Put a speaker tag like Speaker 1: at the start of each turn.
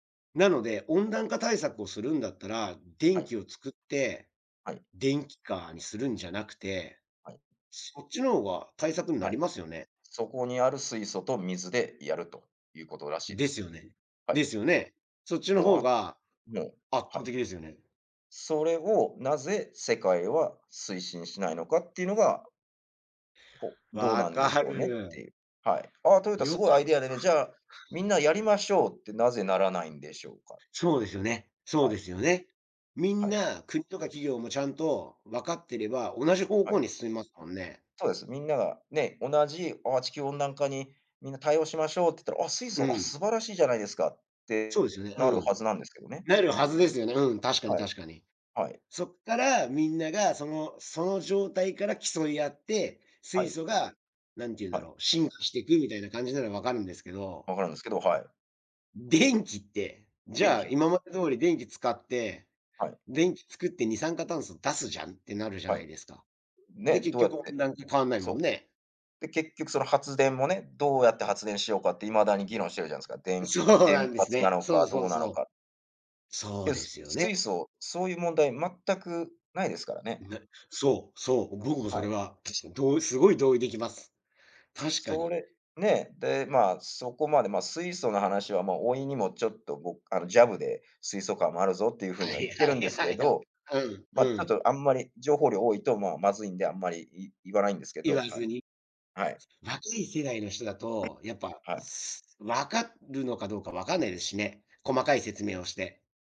Speaker 1: なので、温暖化対策をするんだったら、
Speaker 2: は
Speaker 1: 電
Speaker 2: い。
Speaker 1: 気を作って、
Speaker 2: はい。
Speaker 1: 電気化にするんじゃなくて、
Speaker 2: はい。
Speaker 1: そっちのが対策にな
Speaker 2: は
Speaker 1: り
Speaker 2: い。
Speaker 1: ますよね？
Speaker 2: そこにある水素と水でやると、いうことらしいで
Speaker 1: です
Speaker 2: す。
Speaker 1: よね。
Speaker 2: は
Speaker 1: で
Speaker 2: い。
Speaker 1: すよね。そっちの
Speaker 2: もう、
Speaker 1: 方
Speaker 2: あ
Speaker 1: が
Speaker 2: もう、
Speaker 1: 圧
Speaker 2: は
Speaker 1: 倒
Speaker 2: い。
Speaker 1: 的ですよね。
Speaker 2: それをなぜ、世界は推進しないのか、っていうのがほ、どうな
Speaker 1: 分
Speaker 2: んでし
Speaker 1: か
Speaker 2: ょうねっ
Speaker 1: る。
Speaker 2: ていう。はい。「あ、トヨタす
Speaker 1: 良
Speaker 2: ごいア
Speaker 1: かった。
Speaker 2: イ
Speaker 1: は
Speaker 2: ディア
Speaker 1: い。
Speaker 2: でね、じゃあ、みんなやりましょう」ってなぜならないんでしょうか？
Speaker 1: そうですよね。そう
Speaker 2: は
Speaker 1: で
Speaker 2: い。
Speaker 1: すよね。みん
Speaker 2: はい。
Speaker 1: な国とか企業も、ちゃんと分かってれば、同じ方
Speaker 2: は
Speaker 1: 向
Speaker 2: い。
Speaker 1: に進みますもんね。
Speaker 2: そうです。みんなが、ね、同じ「あ、地球温暖化にみんな対応しましょう」って言ったら「あ、水
Speaker 1: う
Speaker 2: 素、あ、
Speaker 1: ん。
Speaker 2: 素晴らしいじゃないですか」っ
Speaker 1: そう
Speaker 2: て、
Speaker 1: ですよね。
Speaker 2: なる
Speaker 1: う
Speaker 2: は
Speaker 1: ん。
Speaker 2: ずなんですけどね。
Speaker 1: なるはずですよね。うん、確かに
Speaker 2: はい。
Speaker 1: 確かに。
Speaker 2: はい。
Speaker 1: そっから、みんながそのその状態から競い合って、
Speaker 2: は
Speaker 1: 水
Speaker 2: い。
Speaker 1: 素が、なんて言うんだ
Speaker 2: はい。
Speaker 1: ろう、進化していくみたいな感じなら、分かるんですけど
Speaker 2: 分かるんすけど、はい。
Speaker 1: 電気って、じ
Speaker 2: 電
Speaker 1: ゃ
Speaker 2: 気
Speaker 1: あ、
Speaker 2: なんす。
Speaker 1: 今まで通り電気使って、
Speaker 2: はい。
Speaker 1: 電気作って二酸化炭素出すじゃん、ってなるじゃ
Speaker 2: は
Speaker 1: な
Speaker 2: い。
Speaker 1: いですか。
Speaker 2: うん、
Speaker 1: で、
Speaker 2: ね、
Speaker 1: 結
Speaker 2: どうやっ
Speaker 1: 局
Speaker 2: て
Speaker 1: 温暖化変わんないもん
Speaker 2: そう。
Speaker 1: ね。
Speaker 2: で、結局その発電もね、どうやって発電しようかって、未だに議論してるじゃんすか。でん
Speaker 1: そう
Speaker 2: 原
Speaker 1: なんです
Speaker 2: 発な
Speaker 1: ね。
Speaker 2: の
Speaker 1: そ
Speaker 2: か
Speaker 1: う
Speaker 2: ど
Speaker 1: そ
Speaker 2: う
Speaker 1: う
Speaker 2: なの
Speaker 1: そう。
Speaker 2: か。
Speaker 1: そう
Speaker 2: で、
Speaker 1: で
Speaker 2: す
Speaker 1: すよね。
Speaker 2: 水素、そういう問題、全くないですから
Speaker 1: う
Speaker 2: ね。
Speaker 1: なそう、そう、僕もそ
Speaker 2: は
Speaker 1: れ
Speaker 2: い。
Speaker 1: は、確かにどうすごい同意できます。確か
Speaker 2: そ
Speaker 1: に。
Speaker 2: れ、ね。で、ま、そこまで、ま、水素の話は、もう甥にもちょっと僕あの、ジャブで「水素カーもあるぞ」っていう風
Speaker 1: は
Speaker 2: には
Speaker 1: い
Speaker 2: 言って
Speaker 1: は
Speaker 2: るんで
Speaker 1: い
Speaker 2: す
Speaker 1: は
Speaker 2: け
Speaker 1: い、はん。
Speaker 2: ど。
Speaker 1: うん、
Speaker 2: ま、ち
Speaker 1: う
Speaker 2: ょっ
Speaker 1: ん。
Speaker 2: とあんまり情報量多いと、まあ、まずいんであんまり、い言わないんですけ
Speaker 1: 言
Speaker 2: ど。
Speaker 1: わ
Speaker 2: はい、
Speaker 1: ずに。
Speaker 2: はい。
Speaker 1: わきい世代の人だと、やっ
Speaker 2: [unintelligible]
Speaker 1: ぱ、
Speaker 2: はい。
Speaker 1: す分かるのかどうかわかんないですしね、細かい説明をして。